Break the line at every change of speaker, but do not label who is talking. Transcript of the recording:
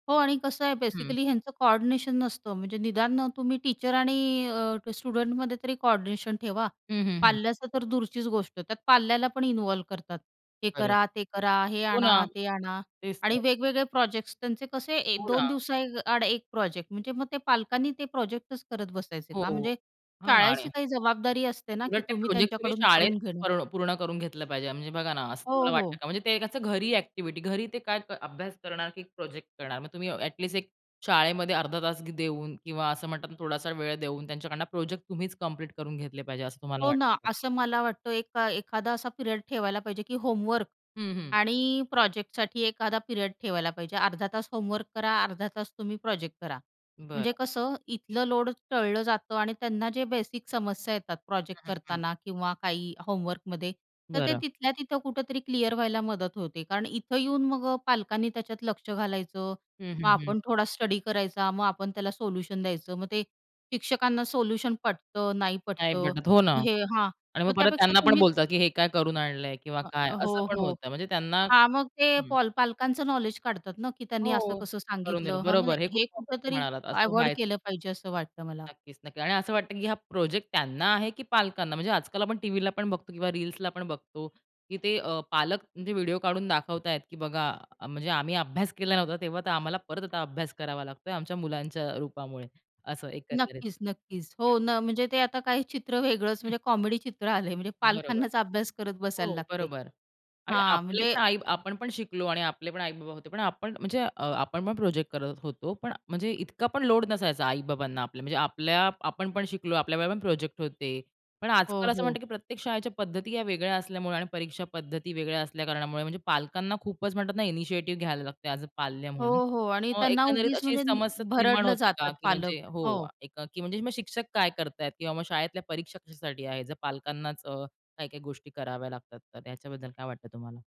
हो, आणि कसं आहे
हं.
बेसिकली ह्यांचं कोऑर्डिनेशन नसतं. म्हणजे निदान अ, तुम्ही टीचर आणि अ, स्टुडंटमध्ये तरी कोऑर्डिनेशन ठेवा,
हं, हं, हं.
पाल्याचा तर दूरचीच गोष्ट. त्यात पाल्याला पण इन्व्हॉल्व करतात हे
खरं.
करा, ते करा, हे
हो ना,
आणा, ते आणा,
तेच
आणि
तर.
वेगवेगळे प्रोजेक्ट्स. त्यांचे कसे एक
हो
दोन
ना.
दिवसाआड एक प्रोजेक्ट. म्हणजे मग ते पालकांनी ते प्रोजेक्टच करत बसायचे
हो,
का?
हो.
म्हणजे
हां. आणि
शाळेची काही जबाबदारी असते ना, की
उलट ते
तुम्ही
प्रोजेक्ट तुम्ही
त्यांच्याकडून
शाळेत
करून घेणं.
पर्ण पूर्ण करून घेतलं पाहिजे. म्हणजे बघा ना, असं
हो,
तुम्हाला वाटतं
हो.
का? म्हणजे ते असं घरी ॲक्टिव्हिटी, घरी ते काय अभ्यास करणार, की प्रोजेक्ट करणार? मग तुम्ही ॲटलिस्ट एक शाळेमध्ये अर्धा तास देऊन, किंवा असं म्हणतात ना थोडासा वेळ देऊन त्यांच्याकडून प्रोजेक्ट तुम्हीच कंप्लीट करून घेतले पाहिजे, असं तुम्हाला
हो ना,
वाटतं.
असं मला वाटतं, एका एखादा असा पिरियड ठेवायला पाहिजे, की होमवर्क
हं, हं.
आणि प्रोजेक्टसाठी एखादा पिरियड ठेवायला पाहिजे. अर्धा तास होमवर्क करा. अर्धा तास तुम्ही प्रोजेक्ट करा. म्हणजे
बरं.
कसं इथलं लोड टळलं जातं आणि त्यांना जे बेसिक समस्या येतात प्रोजेक्ट करताना किंवा काही होमवर्कमध्ये, तर ते
बरं.
तिथल्या तिथं कुठेतरी क्लिअर व्हायला मदत होते. कारण इथं येऊन मग अ, पालकांनी त्याच्यात लक्ष घालायचं,
हं,
मग
हं, हं.
आपण थोडा स्टडी करायचा, मग आपण त्याला सोल्युशन द्यायचं, मग ते शिक्षकांना सोल्युशन पटतं, नाही
नाही
पटतं,
भेटत, हो ना.
हे हां,
आणि मग
मग
परत
त्यापेक्षा
त्यांना पण
तुम्हीच
बोलतात की, हे काय करून आणलंय? किंवा
हं,
काय
हो,
असं पण
हो
होतं म्हणजे त्यांना
हां, मग ते
हं.
पाल पालकांचं नॉलेज काढतात ना, की त्यांनी
हो,
असं-कसं
करून
सांगितलं,
देणं.
हं म्हणजे
बरोबर, हे खूप
हे
[unintelligible]
कुठेतरी
म्हणालात, असं
अव्हॉइड
व्हायचं.
केलं पाहिजे, असं वाटतं मला.
नक्कीच, नक्कीच आणि असं वाटतं की हा प्रोजेक्ट त्यांना आहे की पालकांना? म्हणजे आजकाल आपण टीव्हीला पण बघतो, किंवा रील्सला पण बघतो की ते अ, पालक जे व्हिडिओ काढून दाखवताय की बघा, म्हणजे आम्ही अभ्यास केला नव्हता तेव्हा, तर आम्हाला परत आता अभ्यास करावा लागतोय आमच्या मुलांच्या रूपामुळे, असं एकंदरीत
नक्कीच, नक्कीच.
हं.
हो न म्हणजे, ते आता काही चित्र वेगळंच म्हणजे कॉमेडी चित्र आलंय, म्हणजे
बरोबर.
पालकांनाच अभ्यास करत बसायला
हो,
लागतंय
बरोबर. आणि
हां,
आपले पण
म्हणजे
आई आपणपण शिकलो आणि आपले पण आई-बाबा होते. पण आपण म्हणजे अ, आपणपण प्रोजेक्ट करत होतो, पण म्हणजे इतका पण लोड नसायचा आई-बाबांना आपल्या, म्हणजे आपल्या आपणपण शिकलो, आपल्या वेळेला पण प्रोजेक्ट होते, पण आजकाल
हो,
असं म्हणतात
हो.
की प्रत्येक शाळेच्या पद्धती या वेगळ्या असल्यामुळे आणि परीक्षा पद्धती वेगळ्या असल्या कारणामुळे म्हणजे पालकांना खूपच म्हणतात ना इनिशिएटिव्ह घ्यायला लागते ॲज अ पाल्य
हो,
म्हणून
हो, आणि त्यांना
एकंदरीत
उगीच
अशी
म्हणजे
समस्या निर्माण
भरडलं
होते का?
जातात
की
पालक
म्हणजे हो,
हो.
म्हणजे मग शिक्षक काय करतायत किंवा मग शाळेतल्या परीक्षा कशासाठी आहे? जर पालकांनाच अ, काही-काही गोष्टी कराव्या लागतात तर ह्याच्याबद्दल काय वाटतं तुम्हाला?